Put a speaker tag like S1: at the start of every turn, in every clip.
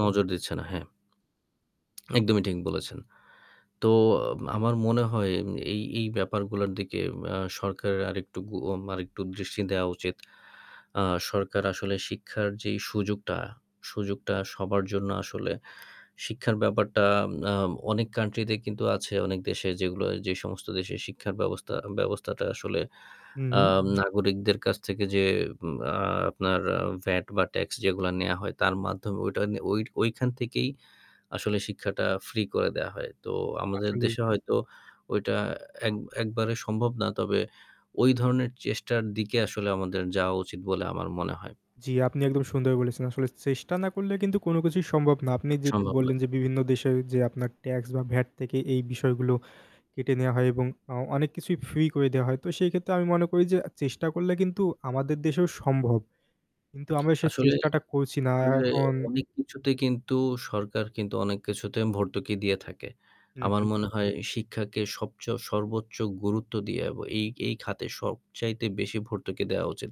S1: নজর দিচ্ছে না। হ্যাঁ। একদমই ঠিক বলেছেন। তো আ আমার মনে হয় এই, এই ব্যাপারগুলার দিকে আ সরকারের আরেকটু গুওম আরেকটু দৃষ্টি দেওয়া উচিত। আ সরকার আসলে শিক্ষার যেই সুযোগটা সুযোগটা সবার জন্য আসলে শিক্ষার ব্যাপারটা আম আ অনেক কান্ট্রিতে কিন্তু আছে অনেক দেশে যেগুলা যে সমস্ত দেশের শিক্ষার ব্যবস্থা ব্যবস্থাটা আসলে আ
S2: হুম।
S1: নাগরিকদের কাছ থেকে যে আ আপনার ভ্যাট বা ট্যাক্স যেগুলো নেয়া হয় তার মাধ্যমে ওইটা ওইট ওইখান থেকেই আসলে শিক্ষাটা ফ্রি করে দেয়া হয়। তো আমাদের
S2: আসলেই।
S1: দেশে হয়তো ওইটা এক একবারে সম্ভব না। তবে ওই ধরনের চেষ্টার দিকে আসলে আমাদের যাওয়া উচিত বলে আমার মনে হয়।
S2: জ্বী, আপনি একদম সুন্দর বলেছেন আসলে চেষ্টা না করলে কিন্তু কোনো কিছুই সম্ভব না আপনি যেটা
S1: সম্ভব না।
S2: বললেন যে "বিভিন্ন দেশে যে আপনার ট্যাক্স বা ভ্যাট থেকে এই বিষয়গুলো কেটে নেওয়া হয় এবং আ অনেক কিছুই ফ্রি করে দেওয়া হয়।" তো সেই ক্ষেত্রে আমি মনে করি যে চেষ্টা করলে কিন্তু আমাদের দেশেও সম্ভব কিন্তু আমরা সেই
S1: আসলে,
S2: চেষ্টাটা করছি না আর
S1: আসলে
S2: এখন
S1: অনেক কিছুতে কিন্তু, সরকার কিন্তু অনেক কিছুতে ভর্তুকি দিয়ে থাকে।
S2: হুম,
S1: আমার
S2: হুম।
S1: মনে হয় শিক্ষাকে সবচেয়ে সর্বোচ্চ গুরুত্ব দিয়ে। এবং এই এই খাতে সবচাইতে বেশি ভর্তুকি দেওয়া উচিত।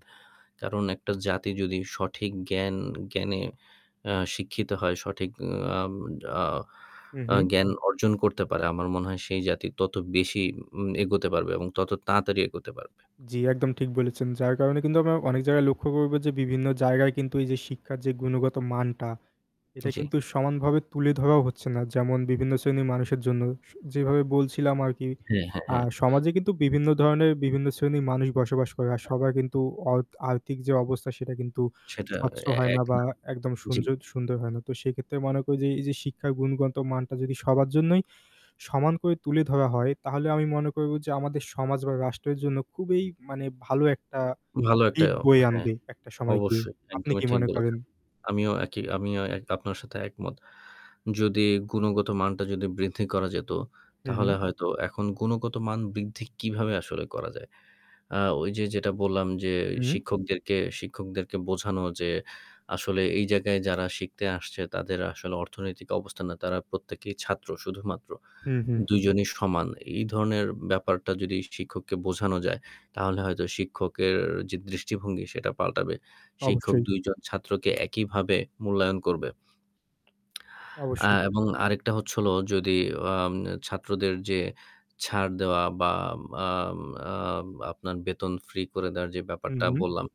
S1: কারণ একটা জাতি যদি সঠিক জ্ঞান জ্ঞানে আ শিক্ষিত হয় সঠিক আম আ
S2: হুম,
S1: আ
S2: হুম।
S1: জ্ঞান অর্জন করতে পারে। আমার মনে হয় সেই জাতি তত বেশি উম এগোতে পারবে এবং তত তাড়াতাড়ি এগোতে পারবে।
S2: জ্বী, একদম ঠিক বলেছেন যার কারণে কিন্তু আমরা অনেক জায়গায় লক্ষ্য করবো যে বিভিন্ন জায়গায় কিন্তু এই যে শিক্ষার যে গুণগত মানটা এটা
S1: জ্বী।
S2: কিন্তু সমানভাবে তুলে ধরাও হচ্ছে না। যেমন বিভিন্ন শ্রেণির মানুষের জন্য স যেভাবে বলছিলাম আরকি।
S1: হ্যাঁ, হ্যাঁ,
S2: আ
S1: হ্যাঁ।
S2: সমাজে কিন্তু বিভিন্ন ধরণের বিভিন্ন শ্রেণির মানুষ বসবাস করে আর সবার কিন্তু অর্ত আর্থিক যে অবস্থা সেটা কিন্তু
S1: সেটা
S2: স্বচ্ছ
S1: এ
S2: হয় না।
S1: এক
S2: বা
S1: না।
S2: একদম
S1: জ্বী।
S2: সুনজদ সুন্দর হয় না। তো সেক্ষেত্রে মনে করি যে এই যে শিক্ষার গুণগত মানটা যদি সবার জন্যই সমান করে তুলে ধরা হয় তাহলে আমি মনে করবো যে আমাদের সমাজ বা রাষ্ট্রের জন্য খুবই মানে ভালো একটা
S1: ভালো একটা
S2: দিক বয়ে
S1: হ্যাঁ
S2: আনবে একটা সময় গিয়ে।
S1: অবশ্যই।
S2: আপনি
S1: একদমই
S2: কি
S1: ঠিক
S2: মনে করেন?
S1: বলেছেন। আমিও একই আমিও এক আপনার সাথে একমত। যদি গুণগত মানটা যদি বৃদ্ধি করা যেত
S2: হুম, হুম।
S1: তাহলে হয়তো এখন গুণগত মান বৃদ্ধি কিভাবে আসলে করা যায়। আ ওই যে যেটা বললাম যে
S2: হুম।
S1: "শিক্ষকদেরকে শিক্ষকদেরকে বোঝানো যে আসলে এই জায়গায় যারা শিখতে আসছে তাদের আসলে অর্থনৈতিক অবস্থানে তারা প্রত্যেকেই ছাত্র শুধুমাত্র।
S2: হুম, হুম।
S1: দুইজনই সমান।" এই ধরনের ব্যাপারটা যদি শিক্ষককে বোঝানো যায় তাহলে হয়তো শিক্ষকের যে দৃষ্টিভঙ্গি সেটা পাল্টাবে। শিক্ষক
S2: অবশ্যই।
S1: ২ জন ছাত্রকে একইভাবে মূল্যায়ন করবে। আ
S2: অবশ্যই।
S1: এবং আরেকটা হচ্ছে হলো যদি আম ছাত্রদের যে ছাড় দেওয়া বা আম আম আপনার বেতন ফ্রি করে দেওয়ার যে
S2: হুম,
S1: ব্যাপারটা
S2: হুম।
S1: বললাম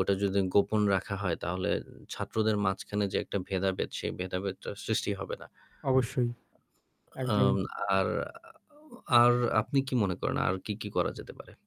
S1: ওটা যদি গোপন রাখা হয় তাহলে ছাত্রদের মাঝখানে যে একটা ভেদাভেদ সেই ভেদাভেদ সৃষ্টি হবে না।
S2: অবশ্যই।
S1: আম
S2: একদম।
S1: আর আ আর আপনি কি মনে করেন আর কী, কী করা যেতে পারে?